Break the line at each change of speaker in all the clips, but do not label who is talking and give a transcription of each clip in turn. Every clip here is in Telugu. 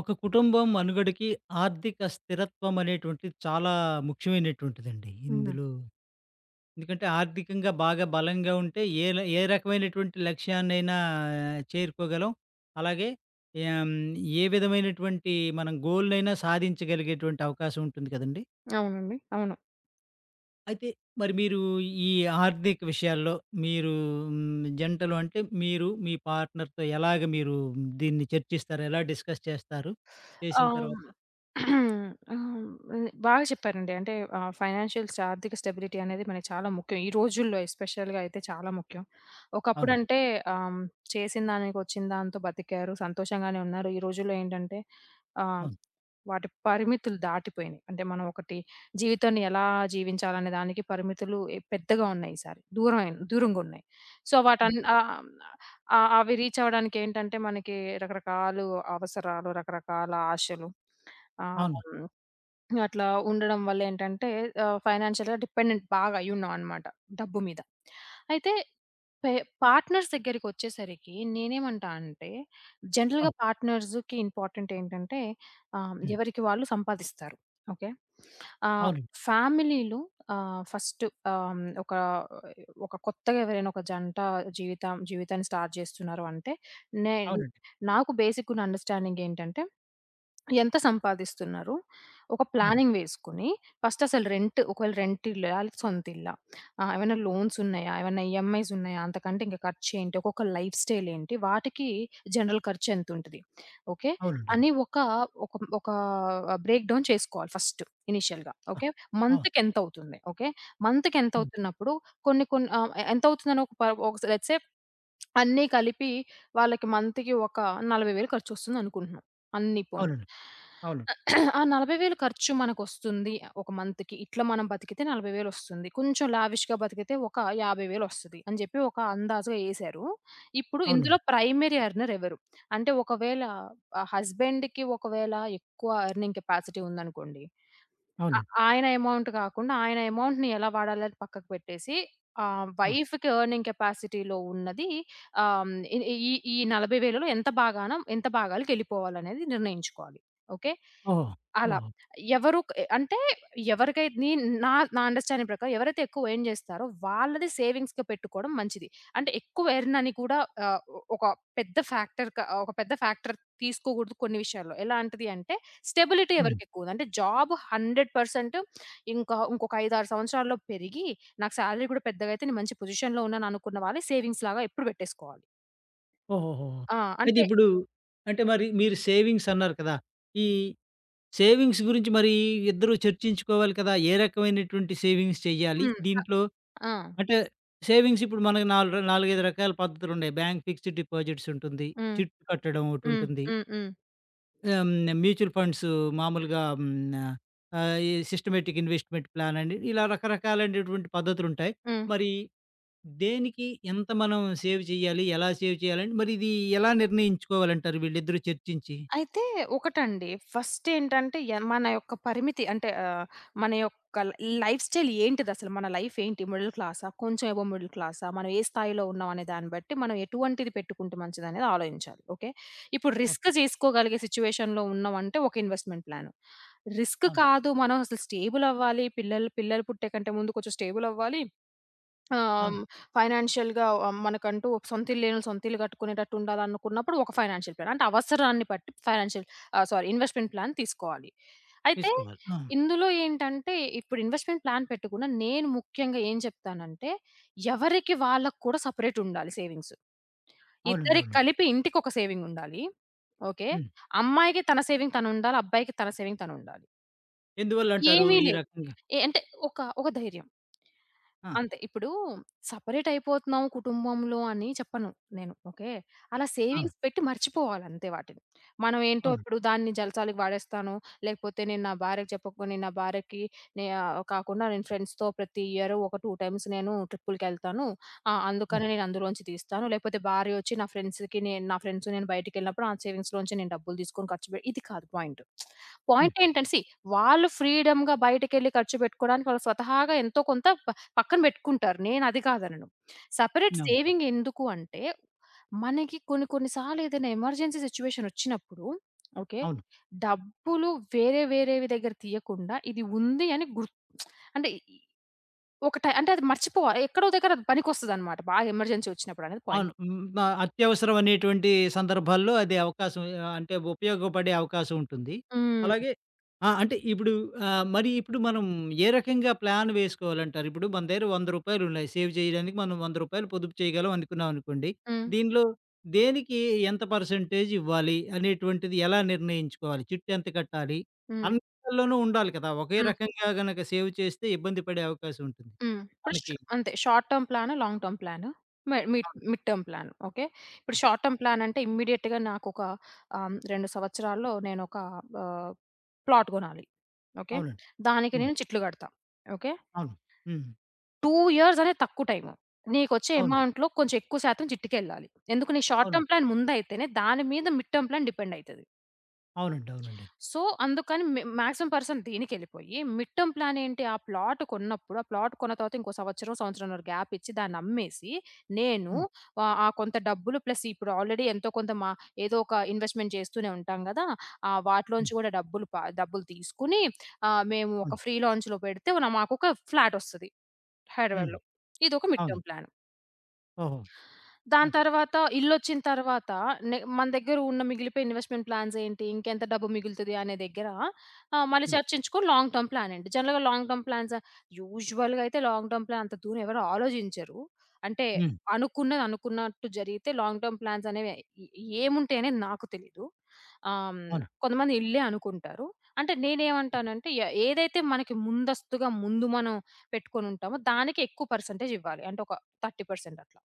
ఒక కుటుంబం మనుగడకి, ఆర్థిక స్థిరత్వం అనేటువంటిది చాలా ముఖ్యమైనటువంటిదండి
అవునా!
ఇందులో. ఎందుకంటే, ఆర్థికంగా బాగా బలంగా ఉంటే ఏ ల ఏ రకమైనటువంటి లక్ష్యాన్నైనా చేరుకోగలం. అలాగే, ఏం ఏ విధమైనటువంటి మనం గోల్‌‌నైనా సాధించగలిగేటువంటి అవకాశముంటుంది కదండీ.
అవునండి. అవును.
అయితే, మరి మీరు ఈ ఆర్థిక విషయాల్లో, మీరు హ్మ్, జంటలు అంటే మీరు మీ పార్ట్‌నర్‌తో ఎలాగ మీరు దీన్ని చర్చిస్తారు? ఎలా డిస్కస్ చేస్తారు? చేసిన
అవును.
తర్వాత
ఆహ్, హ్మ్. ఇది బాగా చెప్పారండి. అంటే ఆహ్, ఫైనాన్షియల్ ఆర్థిక స్టెబిలిటీ అనేది మనకి చాలా ముఖ్యం. ఈ రోజుల్లో ఎస్పెషల్‌గా అయితే చాలా ముఖ్యం.
అవును.
ఒకప్పుడంటే ఆహ్, హ్మ్, చేసినదానికొచ్చిన దాంతో బతికారు, సంతోషంగానే ఉన్నారు. ఈ రోజుల్లో ఏంటంటే, ఆహ్,
అవును.
వాటి పరిమితులు దాటిపోయినాయి. అంటే, మనం ఒకటి జీవితాన్ని ఎలా జీవించాలి అనే దానికి పరిమితులు ఎ పెద్దగా ఉన్నాయి ఈసారి. దూరమై దూరంగున్నాయి. సో, వాటి అన్
అంటే
ఆహ్, హ్మ్, అ అవి రీచ్ అవ్వడానికి ఏంటంటే మనకి రకరకాలు అవసరాలు, రకరకాల ఆశలు ఆహ్,
అవును.
హ్మ్. అట్లా ఉండడం వళ్లేంటంటే, ఆహ్, ఫైనాన్షియల్‌గా డిపెండెంట్ బాగా అయ్యున్నామనమాట. డబ్బు మీద. అయితే పె పార్ట్‌నర్స్ దగ్గరికొచ్చేసరికి నేను ఏమంటా అంటే, జనరల్‌గా
అవును.
పార్ట్‌నర్స్‌కి ఇంపార్టెంట్ ఏంటంటే, ఆహ్,
హ్మ్.
ఎవరికి వాళ్ళు సంపాదిస్తారు. ఓకే. ఆహ్,
అవునండి.
ఫ్యామిలీలు ఆహ్, ఫస్టు ఆహ్, ఒక ఒక కొత్తగా ఎవరైనా ఒక జంట జీవితం జీవితాన్ని స్టార్ట్ చేస్తున్నారు అంటే, నే
అవునండి.
నాకు బేసికున్న అండర్‌స్టాండింగ్ ఏంటంటే ఎంత సంపాదిస్తున్నారు, ఒక
అవును.
ప్లానింగ్ వేసుకొని, ఫస్టసలు రెంట్, ఒకవేళ రెంట్ ఇల్లా, ఆళ్ళ సొంత ఇల్లా, ఆహ్, ఏమైనా లోన్సున్నాయా, ఏమైనా ఈఎంఐస్సున్నాయా, అంతకంటే ఖర్చేంటి, ఒక్కొక్క లైఫ్ స్టైలేంటి, వాటికి జనరల్ ఖర్చెంతుంటది. ఓకే.
అవునండి.
అని ఒక ఒక ఒకా బ్రేక్ డౌన్ చేసుకోవాలి ఫస్టు. ఇనీషియల్‌గా
ఆ!
ఓకే.
అవును.
మంత్‌కెంతవుతుంది, ఓకే.
హ్మ్.
మంత్‌కెంతవుతున్నప్పుడు కొన్ని, కొన్ని ఆహ్, ఎంత అవుతుందని ఒక ప ఒక లెట్స్ సే అన్నీ కలిపి, వాళ్ళకి మంత్‌కి ఒక 40,000 ఖర్చొస్తుంది అనుకుంటున్నాం, అన్ని పోనీ.
అవునండి.
ఆహ్,
అవును.
ఆ 40,000 ఖర్చు మనకొస్తుంది. ఒక మంత్‌కి. ఇట్లా మనం బతికితే నలభై వేలొస్తుంది, కొంచెం లావిష్‌‌గా బతికితే, ఒక యాభై వేలొస్తది. అని చెప్పి ఒక అందాజుగా యేశారు. ఇప్పుడు ఇందులో
అవునండి.
ప్రైమరీ ఎర్నర్ ఎవరు, అంటే ఒకవేళ ఆహ్, హస్బెండ్‌కి ఒకవేళ ఎక్కువ ఎర్నింగ్ కెపాసిటీ ఉందనుకోండి. ఆ
అవునండి.
ఆయన అమౌంట్ కాకుండా, ఆయన అమౌంట్‌ని ఎలా వాడాలి అని పక్కకు పెట్టేసి, ఆహ్,
ఆ!
వైఫ్‌కి ఎర్నింగ్ కెపాసిటీ‌లో ఉన్నది ఆహ్, హ్మ్, ఈ ఈ ఈ 40,000లో ఎంత భాగాన ఎంత భాగాలకు ఎళ్ళిపోవాలనేది నిర్ణయించుకోవాలి. ఓకే.
ఓహో!
అలా.
ఓహో!
ఎవరు క్ అంటే, ఎవరికైతే నీ నా నా అండర్‌స్టాండింగ్ ప్రకారం ఎవరైతే ఎక్కువ ఎర్న్ చేస్తారో, వాళ్ళది సేవింగ్స్‌గా పెట్టుకోవడం మంచిది. అంటే ఎక్కువ ఎర్న్ అని కూడా ఆహ్, ఒక పెద్ద ఫ్యాక్టర్ క ఒక పెద్ద ఫ్యాక్టర్ తీసుకోకూడదు కొన్ని విషయాల్లో. ఎలాంటిది అంటే స్టెబిలిటీ
అవును.
ఎవరికెక్కువుంది. అంటే, జాబు 100 పర్సెంటు, ఇంకా ఇంకొక 5, 6 సంవత్సరాల్లో పెరిగి, నాకు సాలరీ కూడా పెద్దగా అయితే నేను మంచి పొజిషన్‌లో ఉన్నాను అనుకున్న వాళ్ళ సేవింగ్స్ లాగా ఎప్పుడు పెట్టేసుకోవాలి.
ఓహోహోహో!
ఆ!
అయితే
అంటే
ఇప్పుడు అంటే, మరి మీరు సేవింగ్సన్నారు కదా! ఈ సేవింగ్స్ గురించి మరీ ఇద్దరూ చర్చించుకోవాలి కదా! ఏ రకమైనటువంటి సేవింగ్స్ చెయ్యాలి
హ్మ్.
దీంట్లో?
అ ఆ!
అంటే, సేవింగ్స్ ఇప్పుడు మనకి నాలుగు 4, 5 రకాల పద్ధతులున్నాయి. బ్యాంకు ఫిక్స్‌డ్ డిపాజిట్స్ ఉంటుంది,
హ్మ్.
చిట్టు కట్టడం
హ్మ్.
ఒకటుంటుంది.
హ్మ్, హ్మ్.
ఆహ్, హ్మ్. మ్యూచుల్ ఫండ్స్ మాములుగా ఆహ్, హ్మ్. న ఆహ్, ఎ సిస్టమేటిక్ ఇన్‌వెస్ట్‌మెంట్ ప్లానని, ఇలా రకరకాలైనటువంటి పద్ధతులుంటాయి.
హ్మ్.
మరి దేనికి ఎంత మనం సేవ్ చెయ్యాలి, ఎలా సేవ్ చేయాలి అంటే, మరి ఇది ఎలా నిర్ణయించుకోవాలి అంటారు వీళ్ళిద్దరూ చర్చించి?
అయితే, ఒకటండి ఫస్టేంటంటే, ఎన్ మన యొక్క పరిమితి అంటే ఆహ్, మన యొక్క ల్ లైఫ్ స్టైల్ ఏంటిదసల, మన లైఫేంటి, మిడిల్ క్లాసా, కొంచెం అబోవ్ మిడిల్ క్లాసా, మనం ఏ స్థాయిలో ఉన్నాం అనే దాన్ని బట్టి, మనం ఎటువంటిది పెట్టుకుంటే మంచిదనేది ఆలోచించాలి. ఓకే. ఇప్పుడు
ఓహ్!
రిస్క్ చేసుకోగలిగే సిట్యుయేషన్‌లో ఉన్నాం అంటే ఒక ఇన్‌వెస్ట్‌మెంట్ ప్లాను. రిస్క్
అవును.
కాదు మనం అసలు స్టేబులవ్వాలి, పిల్లల్ పిల్లలు పుట్టే కంటే ముందు కొంచెం స్టేబులవ్వాలి. ఆహ్,
అవును.
హ్మ్, ఫైనాన్షియల్‌గా ఆహ్, మనకంటూ ఒక సొంత ఇల్లు లేనోళ్ళు సొంత ఇల్లు గట్టుకునేటట్టు ఉండాలనుకున్నప్పుడు, ఒక ఫైనాన్షియల్ ప్లాన్. అంటే అవసరాన్ని పట్టి ఫైనాన్షియల్ ఆహ్, సారీ ఇన్‌వెస్ట్‌మెంట్ ప్లాన్ తీసుకోవాలి. అయితే
తీసుకోవాలి. ఆ!
ఇందులో ఏంటంటే, ఇప్పుడు ఇన్‌వెస్ట్‌మెంట్ ప్లాన్ పెట్టకుండా నేను ముఖ్యంగా ఏం చెప్తానంటే, ఎవరికి వాళ్ళకి కూడా సపరేటుండాలి సేవింగ్స్.
అవునండి.
ఇద్దరికీ
అవును.
కలిపి ఇంటికొక సేవింగుండాలి. ఓకే.
హ్మ్.
అమ్మాయికి తన సేవింగ్ తనుండాలి. అబ్బాయికి తన సేవింగ్ తనుండాలి.
ఎందువల్ల అంటారు
ఏమీ
ఈ
లే
రకంగా?
ఏ అంటే ఒకా, ఒక ధైర్యం.
ఆ!
అంతే. ఇప్పుడు సెపరేటైపోతున్నాము కుటుంబంలో అని చెప్పను నేను. ఓకే. అలా
ఆ!
సేవింగ్స్ పెట్టి మర్చిపోవాలి అంతే వాటిని. మనం ఏంటో
అవును.
ఇప్పుడు దాన్ని జల్సాలకి వాడేస్తాను, లేకపోతే నేను నా భార్యకి చెప్పకు, నేను నా భార్యకి నే ఆహ్, కాకుండా నేను ఫ్రెండ్స్‌తో ప్రతి ఇయరు ఒక 2 టైమ్స్ నేను ట్రిప్పులుకెళ్తాను. ఆ!
హ్మ్.
అందుకని నేను అందులోంచి తీస్తాను. లేకపోతే భార్యొచ్చి నా ఫ్రెండ్స్‌కి నేను నా ఫ్రెండ్స్ నేను బయటికెళ్ళినప్పుడు ఆ సేవింగ్స్‌లో నుంచే నేను డబ్బులు తీసుకొని ఖర్చు పెట్టి ఇది కాదు పాయింటు.
హ్మ్.
పాయింటేంటంటే సీ, వాళ్ళు ఫ్రీడమ్‌గా బయటికెళ్లి ఖర్చు పెట్టుకోడానికి వాళ్ళు స్వతహాగా ఎంతో కొంత ప పక్కన పెట్టుకుంటారు. నేనది కాదనను. సెపరేట్
అవును.
సేవింగ్ ఎందుకు అంటే, మనకి కొన్ని, కొన్ని సార్లు ఏదైనా ఎమర్జెన్సీ సిట్యుయేషనొచ్చినప్పుడు ఓకే.
అవును.
డబ్బులు వేరే వేరేవి దగ్గర తీయకుండా, ఇది ఉంది అని గుర్ అంటే ఒక ట అంటే అది మర్చిపోవాలి. ఎక్కడో ఒక దగ్గర అది పనికొస్తదన్నమాట. బాగా ఎమర్జెన్సీ ఒచ్చినప్పుడు అనేది పాయింట్.
అవును. హ్మ్. ఆహ్, అత్యవసరం అనేటువంటి సందర్భాల్లో అది అవకాశం హ్మ్. ఆహ్, అంటే ఉపయోగపడే అవకాశముంటుంది.
హ్మ్.
అలాగే ఆ! అంటే ఇప్పుడు ఆహ్, మరి ఇప్పుడు మనం ఏ రకంగా ప్లాన్ వేసుకోవాలంటారు? ఇప్పుడు మన దగ్గర రూ. 100 ఉన్నాయి సేవ్ జేయడానికి మనం రూ. 100 పొదుపు చేయగలం అనుకున్నాం అనుకోండి,
హ్మ్.
దీనిలో దేనికి ఎంత పర్సెంటేజ్ ఇవ్వాలి, అనేటువంటిది ఎలా నిర్ణయించుకోవాలి? చిట్టెంత కట్టాలి?
హ్మ్.
అందులోనూ ఉండాలి కదా! ఒకే
హ్మ్.
రకంగా గనుక సేవ్ చేస్తే ఇబ్బంది పడే అవకాశముంటుంది
హ్మ్. పుష్
మనకి.
అంతే. Short term plan. Long term plan. మె మిడ్
అవును.
Mid term plan. ఓకే.
ఆ!
ఇప్పుడు షార్ట్
ఆ!
టర్మ్ ప్లానంటే, ఇమీడియేట్‌గా నాకొక ఆహ్, హ్మ్, 2 సంవత్సరాల్లో నేనొక ఆహ్, ప్లాట్ గొనాలి. ఓకే.
అవునండి.
దానికి
హ్మ్.
నేను చిట్లు గడతా. ఓకే.
అవును. హ్మ్.
2 ఇయర్స్ అనేది తక్కువ టైము. నీకొచ్చే
అవును.
అమౌంట్‌లో కొంచెం ఎక్కువ శాతం చిట్టుకెళ్ళాలి. ఎందుకు నీకు షార్ట్
అవును.
టర్మ్ ప్లాన్ ముందైయితేనే దాని మీద మిడ్ టర్మ్ ప్లాన్ డిపెండయితది.
అవునండి. అవునండి.
సో అందుకని మేం మాక్సిమం పర్సంట్ దీనికెళ్ళిపోయి మిడ్ టర్మ్ ప్లానేంటి? ఆ ప్లాట్ కొన్నప్పుడు, ఆ ప్లాట్ కొన్న తర్వాత ఇంకో సంవత్సరం, సంవత్సరంన్నర గ్యాపిచ్చి దాన్ని అమ్మేసి. నేను
హ్మ్.
ఆహ్, ఆ కొంత డబ్బులు ప్లస్ ఇప్పుడు ఆల్రెడీ ఎంతో కొంత మ ఏదో ఒక ఇన్వెస్ట్‌మెంట్ చేస్తూనే ఉంటాం గదా! ఆహ్, వాటిలో
హ్మ్.
నుంచి గూడా డబ్బులు బ డబ్బులు తీసుకొని ఆహ్, మేము ఒక
అవును.
ఫ్రీ లాంచ్‌లో పెడితే మాకొక ఫ్లాటొస్తది.
హ్మ్.
హైదరాబాద్‌లో. ఇదొక మిడ్
అవును.
Term plan.
ఓహో!
దాని
ఆ!
తర్వాత ఇల్లొచ్చిన తర్వాత న మన దగ్గర ఉన్న మిగిలిపోయిన ఇన్వెస్ట్‌మెంట్ ప్లాన్సేంటి? ఇంకెంత డబ్బు మిగులుతది అనే దగ్గర ఆహ్, మళ్ళీ
హ్మ్.
చర్చించుకొని లాంగ్ టర్మ్ ప్లానేంటి? జనరల్‌గా లాంగ్ టర్మ్ ప్లాన్స్ యూజువల్‌గా అయితే లాంగ్ టర్మ్ ప్లాన్, అంత దూరం ఎవరు ఆలోచించరు. అంటే
హ్మ్.
అనుకున్నది అనుకున్నట్టు జరిగితే లాంగ్ టర్మ్ ప్లాన్సనేవి ఎ ఏముంటయనేది నాకు తెలీదు. ఆహ్, హ్మ్,
అవును.
కొంతమంది ఇల్లే అనుకుంటారు. అంటే నేనేమంటానంటే ఎ ఏదైతే మనకి ముందస్తుగా ముందు మనం, పెట్టుకొనుంటామో దానికెక్కువ పర్సెంటేజ్ ఇవ్వాలి. అంటే ఒక 30% అట్లా.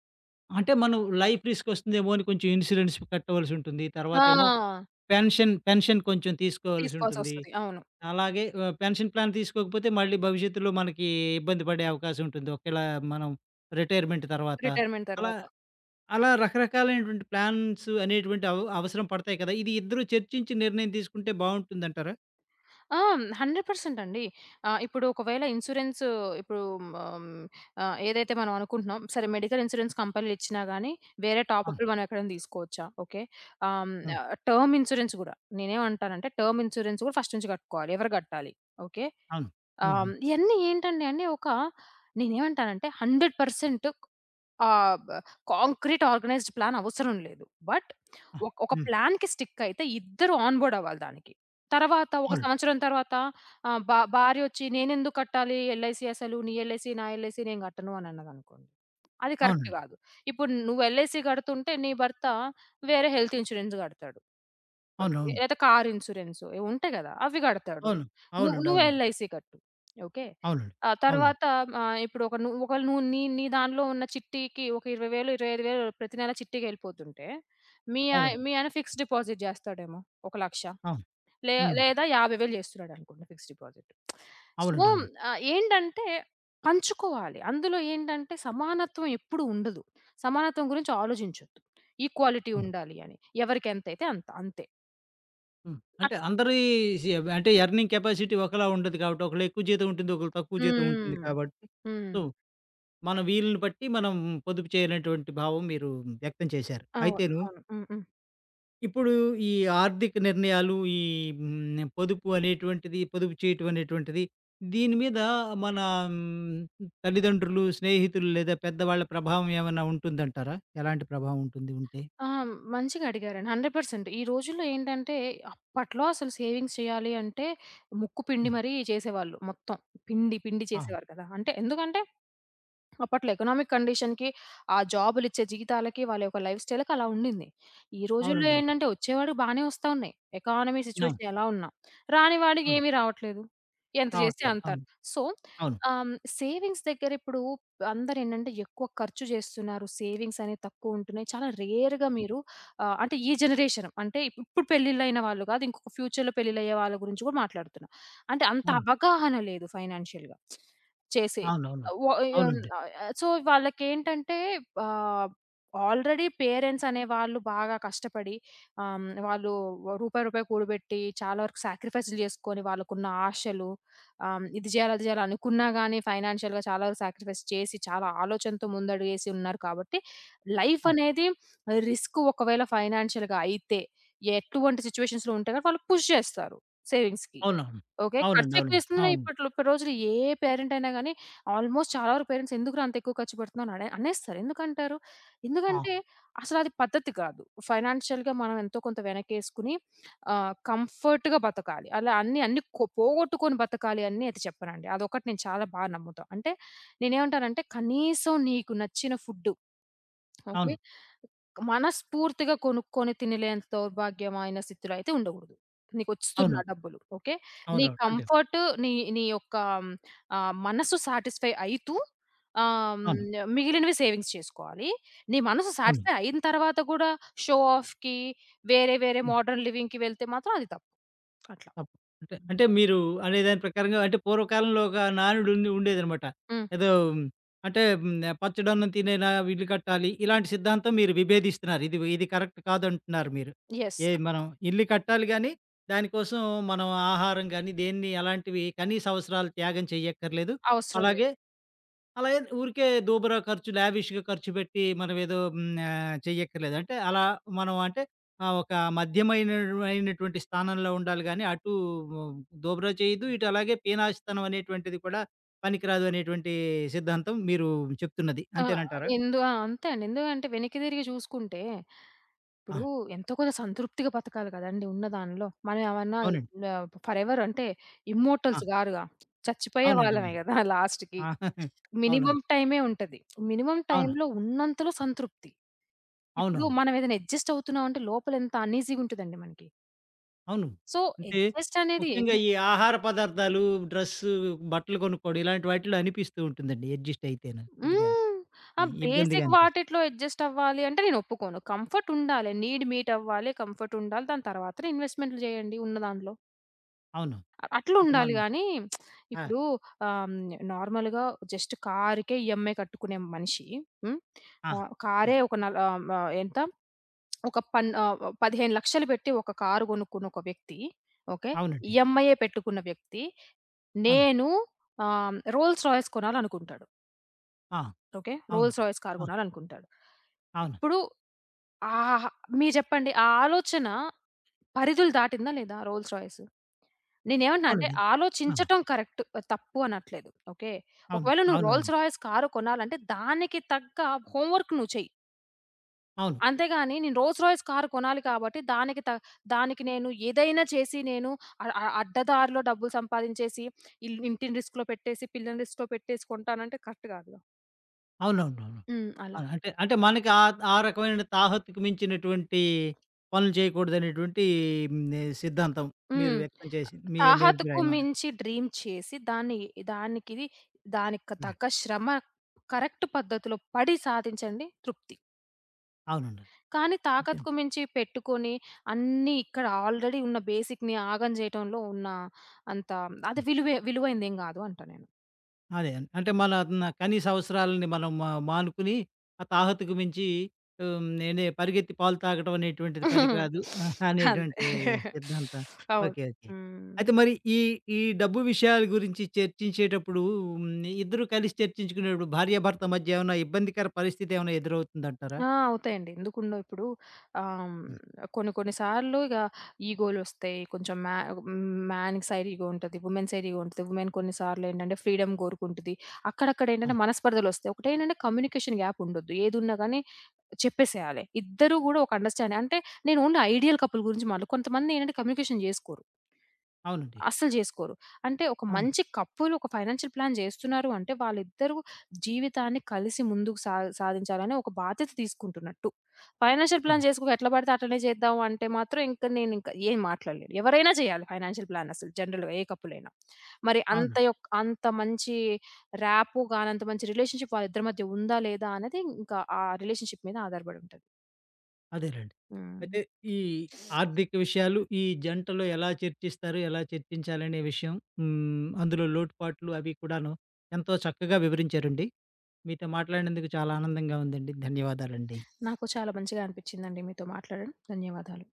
అంటే మనం లైఫ్ రిస్క్ వస్తుందేమో అని, కొంచెం ఇన్స్యూరెన్స్ కట్టవలసుంటుంది. తర్వాతేమో
ఆ!
పెన్షన్, పెన్షన్ కొంచెం తీసుకోవాల్సుంటుంది,
తీసుకోవాల్సొస్తది. అవును.
అలాగే ఆహ్, పెన్షన్ ప్లాన్ తీసుకోకపోతే మళ్ళీ భవిష్యత్తులో మనకి ఇబ్బంది పడే అవకాశం ఉంటుంది. ఒకేళ మనం రిటైర్మెంట్ తర్వాత.
రిటైర్‌మెంట్
అలా,
తరువాత.
అలా రకరకాలైనటువంటి ప్లాన్స్ అనేటువంటి అవ్ అవసరం పడతాయి కదా! ఇది ఇద్దరూ చర్చించి నిర్ణయం తీసుకుంటే బావుంటుందంటారా?
ఆ! 100% అండి. ఆహ్, ఇప్పుడు ఒకవేళ ఇన్‌సూరెన్సు ఇప్పుడు హ్మ్, ఆహ్, ఏదైతే మనం అనుకుంటున్నాం సరే మెడికల్ ఇన్‌సూరెన్స్ కంపెనీలిచ్చినా గాని, వేరే
ఆ!
టాపప్పులు మనం ఎక్కడైనా తీసుకోవచ్చా? ఓకే. ఆహ్, హ్మ్,
హ్మ్.
ఆహ్, టర్మ్ ఇన్‌సూరెన్స్ గూడా. నేనేమంటానంటే, టర్మ్ ఇన్‌సూరెన్స్ గూడా ఫస్ట్ నుంచి కట్టుకోవాలి. ఎవరు కట్టాలి? ఓకే.
అవును.
ఆహ్, హ్మ్,
హుహు.
ఇవన్నీ ఏంటండి అని ఒక నేనేమంటానంటే 100% ఒక్ ఆహ్, బ కాంక్రీట్ ఆర్గనైజ్డ్ ప్లాన్ అవసరం లేదు. బట్
ఆ!
ఒక్ ఒక
హ్మ్.
ప్లాన్‌కి స్టికయితే ఇద్దరు ఆన్‌బోర్డ్ అవ్వాలి దానికి. తర్వాత ఒక
అవునండి.
సంవత్సరం తర్వాత ఆహ్, బా భార్యొచ్చి, నేనెందుకు కట్టాలి? ఎల్‌ఐసీ అసలు నీ ఎల్‌ఐసీ, నా ఎల్‌ఐసీ, నేను గట్టను అని అన్నదనుకోండి. అది కరెక్ట్
అవునండి.
గాదు. ఇప్పుడు నువ్వు ఎల్‌ఐసీ కడుతుంటే, నీ భర్త వేరే హెల్త్ ఇన్‌సూరెన్స్ గడతాడు, ఓకే.
అవునవును.
లేతే కారు ఇన్‌సూరెన్సు. ఇవుంటాయి గదా! అవి గడతాడు.
అవును.
నువ్
అవునండి.
నువ్వు
అవునండి.
ఎల్‌ఐసీ కట్టు. ఓకే.
అవునండి.
ఆ
అవును.
తర్వాత ఆహ్, ఇప్పుడు ఒక, నువ్వు ఒకవేళ నువ్వు నీ నీ దాన్లో ఉన్న చిట్టీకి ఒక 20000, 25000 ప్రతి నెల చిట్టీకెళ్ళిపోతుంటే, మీ ఆయ
అవును.
మీ ఆయన ఫిక్స్‌డ్ డిపాజిట్ జేస్తాడేమో. ఒక 100000
ఆ!
లే
హ్మ్.
లేదా 50000 జేస్తున్నాడనుకోండి ఫిక్స్‌డ్ డిపాజిట్. సో,
అవునండి. అవును.
ఆహ్, ఏంటంటే, పంచుకోవాలి. అందులో ఏంటంటే సమానత్వం ఎప్పుడూ ఉండదు. సమానత్వం గురించి ఆలోజించొద్దు. ఈక్వాలిటీ
హ్మ్.
ఉండాలి అని. ఎవరికెంతైతే అంత అంతే.
హ్మ్. అంటే అందరీ సి అంటే ఎర్నింగ్ కెపాసిటీ ఒకలా ఉండదు గాబట్టి, ఒకళ్ళెక్కువ జీతం ఉంటుంది, ఒకళ్ళకి తక్కువ
హ్మ్,
జీతం ఉంటుంది
హ్మ్.
కాబట్టి సో,
హ్మ్.
మన వీలుని బట్టి మనం పొదుపు చేయనటువంటి భావం మీరు వ్యక్తం చేశారు.
అవును,
అయితేను
అవును. హ్మ్, హ్మ్.
ఇప్పుడు ఈ ఆర్థిక నిర్ణయాలు, ఈ హ్మ్, పొదుపు అనేటువంటిది, పొదుపు చేయటం అనేటువంటిది. దీని మీద మన హ్మ్, తల్లిదండ్రులు, స్నేహితులు లేదా పెద్దవాళ్ళ ప్రభావం ఏమైనా ఉంటుందంటారా? ఎలాంటి ప్రభావం ఉంటుంది, ఉంటే?
ఆ! మంచిగా అడిగారండి. 100% ఈ రోజుల్లో ఏంటంటే, అప్పట్లో అసలు సేవింగ్స్ చేయాలి అంటే, ముక్కు పిండి
హ్మ్.
మరీ చేసేవాళ్ళు. మొత్తం పిండి, పిండి
ఆ!
చేసేవారు కదా! అంటే ఎందుకంటే, అప్పట్లో ఎకనామిక్ కండిషన్‌కి, ఆ జాబులిచ్చే జీవితాలకి, వాళ్ళ యొక్క లైఫ్‌స్టైల్‌కి అలా ఉండింది. ఈ రోజుల్లో
అవునండవును.
ఏంటంటే, వచ్చేవాడికి బాగానే వస్తున్నాయి. ఎకానమీ
అవును.
సిట్యుయేషన్ ఎలా ఉన్నా. రాని వాడికి
అవును.
ఏమి రావట్లేదు. ఎంత చేస్తే
రావట్లేదు.
అంత.
అవును.
సో,
అవును.
ఆహ్, హ్మ్, సేవింగ్స్ దగ్గరిప్పుడు అందరేంటంటే ఎక్కువ ఖర్చు చేస్తున్నారు. సేవింగ్సనేవి తక్కువుంటున్నాయి. చాలా రేర్‌గా మీరు ఆహ్, అంటే ఈ జనరేషను, అంటే ఇప్పుడు పెళ్లిళ్లయిన వాళ్ళు కాదు, ఇంకొక ఫ్యూచర్‌లో పెళ్లిళ్లు అయ్యే వాళ్ళ గురించి కూడా మాట్లాడుతున్నా. అంటే అంత
అవును.
అవగాహన లేదు ఫైనాన్షియల్‌గా. చేసే
అవునవును.
అవ్ య
అవునండీ.
ఆహ్, సో, వాళ్ళకేంటంటే ఆహ్, ఆల్రెడీ పేరెంట్సనే వాళ్ళు బాగా కష్టపడి ఆహ్, హ్మ్, వాళ్ళు ఓ రూపాయి, రూపాయి కూడబెట్టి, చాలా వరకు సాక్రిఫైస్ చేసుకొని, వాళ్ళకున్న ఆశలు ఆహ్, హ్మ్, ఇది చేయాలి, అది చేయాలి అనుకున్నా గాని ఫైనాన్షియల్‌గా చాలా సాక్రిఫైస్ చేసి, చాలా ఆలోచనతో ముందడుగేసి ఉన్నారు కాబట్టి,
ఆ!
లైఫనేది రిస్కు, ఒకవేళ ఫైనాన్షియల్‌గా అయితే ఎటువంటి సిట్యుయేషన్‌లో ఉంటే వాళ్ళు పుష్ చేస్తారు సేవింగ్స్‌కి.
అవునవును.
ఓకే.
అవునండీ.
ఖర్చెక్కువ
అవునండీ.
వేసుకున్నా
అవును.
ఇప్పటిలో ఇప్పటి రోజుల్లో ఏ పేరెంటైయినా గాని, ఆల్మోస్ట్ చాలా వరకు పేరెంట్స్, ఎందుకురా అంత ఎక్కువ ఖర్చు పెడుతున్నావు, అడే అనేస్తారు. ఎందుకు అంటారు?
ఆ!
ఎందుకంటే అసలది పద్ధతి కాదు. ఫైనాన్షియల్‌గా మనం ఎంతో కొంత వెనక్కేసుకొని, ఆ కంఫర్ట్‌గా బతకాలి. అలా అన్ని, అన్ని కొ పోగొట్టుకొని బ్రతకాలి అని చెప్పనండి. అదొకటి నేను చాలా బాగా నమ్ముతా. అంటే నేనేమంటానంటే, కనీసం నీకు నచ్చిన ఫుడ్డు, ఓకే,
అవును.
మనస్ఫూర్తిగా కొనుక్కొని తినలేనంత దౌర్భాగ్యమైన స్థితిలో అయితే ఉండకూడదు. నీకు
అవును.
వస్తున్నాయి డబ్బులు, ఓకే. నీ
అవునవును. అంటే
కంఫర్టు నీ, నీ యొక్క హ్మ్, ఆహ్, మనస్సు సాటిస్ఫై అయితూ ఆహ్, హ్మ్,
అవును.
మిగిలినవి సేవింగ్స్ చేసుకోవాలి. నీ మనసు
అవును.
సాటిస్ఫై అయిన తర్వాత కూడా, షో ఆఫ్‌కి, వేరే, వేరే
హ్మ్.
మోడర్న్ లివింగ్‌కి వెళ్తే మాత్రం అది తప్పు. అట్లా
తప్ అంటే అంటే మీరు అనే దాని ప్రకారంగా, అంటే పూర్వకాలంలో ఒక నానుడు ఉండే ఉండేదనమాట.
హ్మ్.
ఏదో అంటే హ్మ్, 'పచ్చడి అన్నం తినేనా ఇల్లు కట్టాలి' ఇలాంటి సిద్ధాంతం. మీరు విభేదిస్తున్నారు. ఇది, ఇది కరెక్ట్ కాదంటున్నారు మీరు.
యెస్.
ఎ మనం ఇల్లు కట్టాలి గానీ, దాని కోసం మనం ఆహారం గానీ, దేన్ని, అలాంటివి కనీస అవసరాలు త్యాగం చేయక్కర్లేదు.
అవసరం లేదు.
అలాగే, అలాగే ఊరికే దూబరా ఖర్చు, లావిష్‌గా ఖర్చు పెట్టి మనం ఏదో హ్మ్, ఆహ్, చెయ్యక్కర్లేదు అంటే, అలా మనం అంటే, ఆ ఒక మధ్యమైన అయినటువ అయినటువంటి స్థానంలో ఉండాలి గాని, అటు దూబరా చేయద్దు, ఇటు అలాగే పీనాసితనం అనేటువంటిది కూడా పనికిరాదు అనేటువంటి సిద్ధాంతం మీరు చెప్తున్నది.
ఆ!
అంతేనంటారా?
ఎందు ఆ! అంతే అండి. ఎందుకంటే వెనక్కి తిరిగి చూసుకుంటే, ఇప్పుడు
ఆ!
ఎంతో కొంత సంతృప్తిగా బతకాలి కదండీ. ఉన్నదాంట్లో మనం ఏమన్నా
అవునండి.
ఆహ్, ఫరెవర్ అంటే,
ఆ!
ఇమ్మోర్టల్స్ కాదుగా, చచ్చిపోయే
అవునండి.
వాళ్ళమే
అవునండి.
కదా! లాస్ట్‌కి.
ఆ! అవునవును.
మినిమమ్ టైమే ఉంటది. మినిమమ్
అవును.
టైమ్‌లో ఉన్నంతలో సంతృప్తి. ఇప్పుడు
అవునవును.
మనమేదైనా అడ్జస్ట్ అవుతున్నామంటే, లోపల ఎంత అన్‌ఈజీగా ఉంటదండి మనకి.
అవును.
సో,
అంటే
అడ్జస్ట్ అనేది
ముఖ్యంగా
ఎందుకు?
ఈ ఆహార పదార్థాలు డ్రెస్సు, బట్టలు కొనుక్కోవడం ఇలాంటి వాటిలో అనిపిస్తూ ఉంటుందండి. అడ్జస్ట్ అయితేనా కొద్దిగా
హ్మ్. ఆ
ఇ ఇబ్బందిగా
బేసిక్
అనిపి
వాటిట్లో అడ్జస్ట్ అవ్వాలి అంటే నేను ఒప్పుకోను. కంఫర్టుండాలి. నీడ్ మీట్ అవ్వాలి. కంఫర్టుండాలి. దాని తరువాతనే ఇన్‌వెస్ట్‌మెంట్లు చేయండి ఉన్నదాంట్లో.
అవును. అంటే
అట్లుండాల
మన
గానీ,
ఆ!
ఇప్పుడు ఆహ్, హ్మ్. నార్మల్‌గా జస్ట్ కారుకే ఈఎంఐ కట్టుకునే మనిషి హ్మ్.
ఆ!
ఆహ్,
ఆ!
కారే ఒక నలా ఆహ్, హ్మ్. ఆహ్, ఎంత? ఒక, పన్ ఆహ్, 15,00,000 పెట్టి ఒక కారు కొనుక్కున్న ఒక వ్యక్తి, ఓకే.
అవునండి.
ఈఎంఐ పెట్టుకున్న వ్యక్తి
అవును.
నేను ఆహ్, రోల్స్ రాయిస్ కొనాలి అనుకుంటాడు.
ఆ!
ఓకే.
అవును.
రోల్స్ రాయ్స్ కారు
ఆ!
కొనాలనుకుంటాడు.
అవును.
ఇప్పుడు ఆహాహా మీరు చెప్పండి, ఆ ఆలోచన పరిధులు దాటిందా, లేదా? Rolls Royce. నేను ఏమంటున్నానంటే,
అవునండి. ఆ!
ఆలోచించటం కరెక్ట్ తప్పు అనట్లేదు. ఓకే,
అవును.
ఒకవేళ నువ్వు
అవునవును.
రోల్స్ రాయ్స్ కారు కొనాలంటే, దానికి తగ్గ హోమ్ వర్క్ నువ్వు చెయ్యి.
అవును.
అంతేగాని నేను రోల్స్ రాయ్స్ కారు కొనాలి కాబట్టి, దానికి త దానికి నేను ఏదైనా చేసి, నేను అ అ అడ్డదారిలో డబ్బులు సంపాదించేసి, ఇల్లు ఇంటిని రిస్క్‌లో పెట్టేసి, పిల్లని రిస్క్‌లో పెట్టేసి కొంటానంటే కరెక్ట్ కాదుగా.
అవునవునవును.
హ్మ్. అలా.
అవును అంటే అంటే మనకి ఆహ్, ఆ రకమైన తాహత్తుకు మించినటువంటి పనులు చేయకూడదనేటువంటి హ్మ్, సిద్ధాంతం మీరు
హ్మ్. ఆహ్,
వ్యక్తం చేసింది. మీ మీ
తాహతుకు
అభిప్రాయమా?
మించి డ్రీమ్ చేసి దాన్ని దానికిది దానికి
ఆ!
తగ్గ శ్రమ కరెక్ట్ పద్ధతిలో పడి సాధించండి తృప్తి.
అవునండి.
కానీ
అంతేన
తాకత్తుకు మించి పెట్టుకొని, అన్ని ఇక్కడ ఆల్రెడీ ఉన్న బేసిక్‌ని ఆగం చేయటంలో ఉన్న అంత అది
హ్మ్.
విలువే విలువైనదేమి కాదు అంటా నేను.
అదే, అంటే
హ్మ్.
మన నా కనీస అవసరాలను మనం మా మానుకుని, ఆ తాహతుకు మించి హ్మ్, నేనే పరిగెత్తి పాలు తాగడం అనేటువంటిది పనికిరాదు
అంతే
అనేటువంటి సిద్ధాంతం.
అవును.
Okay, okay.
హ్మ్.
అయితే మరి ఈ ఈ డబ్బు విషయాల గురించి చర్చించేటప్పుడు హ్మ్. ఇద్దరు కలిసి చర్చించుకునేటప్పుడు భార్య, భర్త మధ్య ఏమైనా ఇబ్బందికర పరిస్థితేమన్నా ఎదురవుతుందంటారా?
ఆ! అవుతాయండి ఎందుకు ఉండవు, ఇప్పుడు ఆహ్,
హ్మ్.
హ్మ్. కొన్ని కొన్ని సార్లు ఇగా ఇగోలొస్తాయి కొంచెం మ్యా మ్యాన్ సైడ్ ఇగో ఉంటది, వుమెన్ సైడ్ ఇగో ఉంటది, వుమెన్ కొన్ని సార్లు ఏంటంటే, ఫ్రీడమ్ కోరుకుంటది. అక్కడక్కడ
ఆ!
ఏంటంటే, మనస్పర్ధలు వస్తాయి. ఒకటేంటంటే కమ్యూనికేషన్ గ్యాప్ ఉండొద్దు, ఏదున్నా గాని చెప్పేసేయాలి. ఇద్దరూ కూడా ఒక అండర్‌స్టాండింగ్ అంటే నేను ఓన్లీ ఐడియల్ కపుల్ గురించి మాట్లాడ కొంతమందేంటంటే, కమ్యూనికేషన్ జేసుకోరు.
అవునండి.
అస్సలు జేసుకోరు. అంటే ఒక
అవును.
మంచి కపులు ఒక ఫైనాన్షియల్ ప్లాన్ జేస్తున్నారు అంటే, వాళ్ళిద్దరూ జీవితాన్ని కలిసి ముందుకు సా సాధించాలని ఒక బాధ్యత తీసుకుంటున్నట్టు. ఫైనాన్షియల్ ప్లాన్
అవునండి.
చేసుకో ఎట్లా పడితే అట్లనే చేద్దాం అంటే మాత్రం ఇంకా నేనింక ఏం మాట్లాడలేను. ఎవరైనా చేయాలి, ఫైనాన్షియల్ ప్లాన్ అసలు జనరల్‌గా ఏ కపులయినా. మరి
అవును.
అంత యోక్ అంత మంచి ర్యాపొ గాని, అంత మంచి రిలేషన్‌షిప్ వాళ్ళ ఇద్దరి మధ్య ఉందా లేదా అనేది ఇంకా ఆ రిలేషన్‌షిప్ మీద ఆధారపడుంటది.
అదేనండి.
హ్మ్.
అయితే, ఈ ఆర్థిక విషయాలు, ఈ జంటలో ఎలా చర్చిస్తారు? ఎలా చర్చించాలనే విషయం హ్మ్. అందులో లోటుపాట్లు అవి కూడాను ఎంతో చక్కగా వివరించారండి. మీతో మాట్లాడినందుకు చాలా ఆనందంగా ఉందండి. ధన్యవాదాలండి.
నాకు చాలా మంచిగా అనిపించిందండి మీతో మాట్లాడడాం, ధన్యవాదాలు.